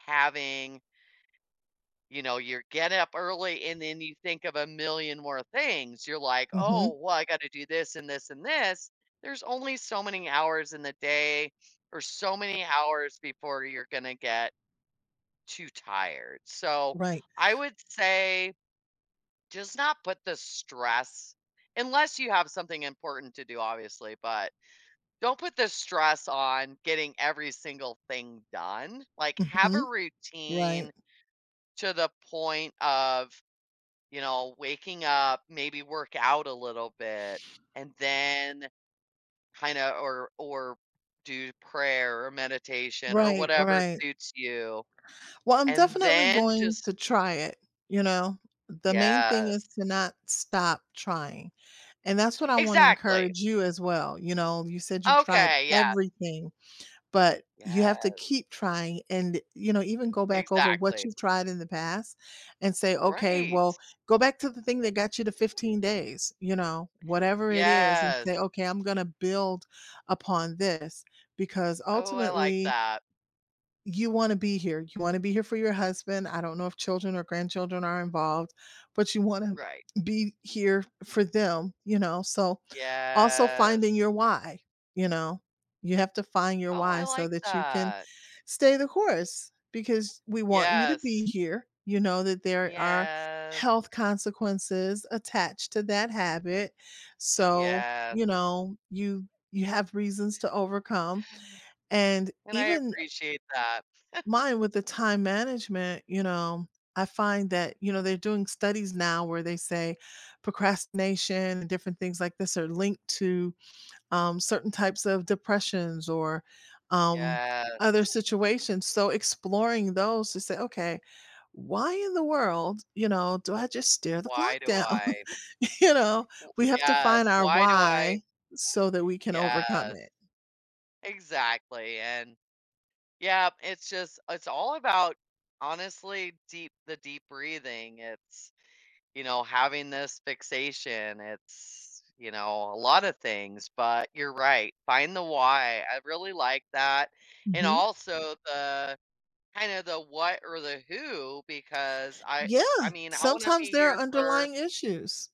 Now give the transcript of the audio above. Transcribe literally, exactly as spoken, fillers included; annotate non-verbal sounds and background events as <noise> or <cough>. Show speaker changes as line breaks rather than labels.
Having You know, you're getting up early and then you think of a million more things; you're like, "Oh,
Mhm.
well, I got to do this and this and this." There's only so many hours in the day or so many hours before you're gonna get too tired. So,
Right.
I would say, just not put the stress unless you have something important to do, obviously, but don't put the stress on getting every single thing done, like, have a
Mhm. Right.
routine to the point of, you know, waking up, maybe work out a little bit, and then kinda or or do prayer or meditation or
Right,
whatever
right.
suits you.
Well, I'm
And
definitely
then
going
just
to try it, you know? The main thing is
Yes.
to not stop trying, and that's what I wanna
Exactly.
encourage you as well, you know? You said you tried
Okay, yeah.
everything, but you have to
Yes.
keep trying and, you know, even go back over what
Exactly.
you've tried in the past and say, "Okay,
Right.
well" Go back to the thing that got you the fifteen days, you know? Whatever it is and
Yes.
say, "Okay, I'm gonna build upon this." Because
Oh, I like
ultimately
that.
you wanna be here. You wanna be here for your husband, I don't know if children or grandchildren are involved, but you wanna
Right.
be here for them, you know, so. Also finding
Yes.
your "why," you know? You have to find your
Oh, I
"why" so
like
that you can
that.
stay the course because we want you to
Yes.
be here, you know that there are
Yes.
health consequences attached to that habit, so, you
Yes.
know, you you have reasons to overcome and
And I
even
appreciate that.
mine with the
<chuckles>
time management, you know, I find that, you know, they're doing studies now where they say procrastination and different things like this are linked to, um, certain types of depressions or, um, other
Yes.
situations; so, exploring those to say, "Okay, why in the world, you know, do I just stare the
Why
clock
do
down?"
I? O
You know? We have to find
Yes,
our
why do I
"why" so that we can overcome
Yes.
it.
Exactly, and Yep, it's just it's all about honestly deep the deep breathing, it's, you know, having this fixation, it's, you know, a lotta things. But you're right, find the "why." I really like that and
Mhm.
also the kinda the what or the who because I
Yeah,
I mean, I wanna
sometimes
be
there are
here for
underlying issues.